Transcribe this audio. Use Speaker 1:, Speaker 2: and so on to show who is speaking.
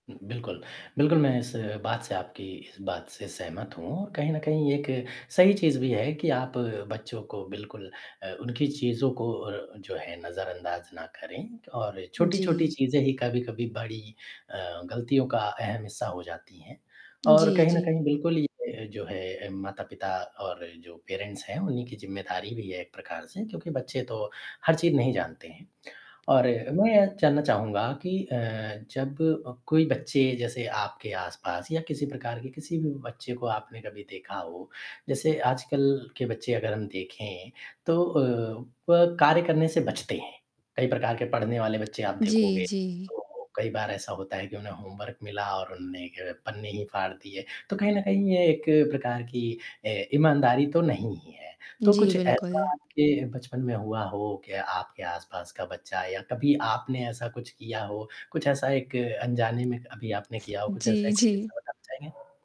Speaker 1: बिल्कुल। बिल्कुल, मैं इस बात से आपकी इस बात से सहमत हूँ और कहीं न कहीं एक सही चीज़ भी है कि आप बच्चों को बिल्कुल अ, उनकी चीज़ों को अ, जो है नज़रअंदाज़ ना करें और छोटी-छोटी
Speaker 2: जी।
Speaker 1: चीज़ें ही कभी-कभी बड़ी अ, गलतियों का अहम हिस्सा हो जाती हैं और
Speaker 2: जी,
Speaker 1: कहीं न
Speaker 2: जी
Speaker 1: कहीं बिल्कुल ये जो है माता-पिता और जो पेरेंट्स हैं, उन्हीं की ज़िम्मेदारी भी है एक प्रकार से क्योंकि बच्चे तो हर चीज़ नहीं जानते हैं और मैं ये जानना चाहूँगा कि अ, जब अ, कोई बच्चे जैसे आपके आसपास या किसी प्रकार के किसी भी बच्चे को आपने कभी देखा हो, जैसे आजकल के बच्चे अगर हम देखें, तो अ, वह कार्य करने से बचते हैं, कई प्रकार के पढ़ने वाले बच्चे आप
Speaker 2: जी,
Speaker 1: देखोगे,
Speaker 2: जी।
Speaker 1: तो कई बार ऐसा होता है कि उन्हें होमवर्क मिला और उन्होंने पन्ने ही फाड़ दिए, तो कहीं न कहीं ये एक प्रकार की अ, ईमानदारी तो नहीं ही है, तो
Speaker 2: जी,
Speaker 1: कुछ ऐसा
Speaker 2: बिल्कुल।
Speaker 1: आपके बचपन में हुआ हो कि आपके आसपास का बच्चा या कभी आपने ऐसा कुछ किया हो, कुछ ऐसा एक अनजाने में अभी आपने किया हो, कुछ ऐसा
Speaker 2: जी,
Speaker 1: एक कोई
Speaker 2: जी।
Speaker 1: किस्सा बताना चाहेंगे?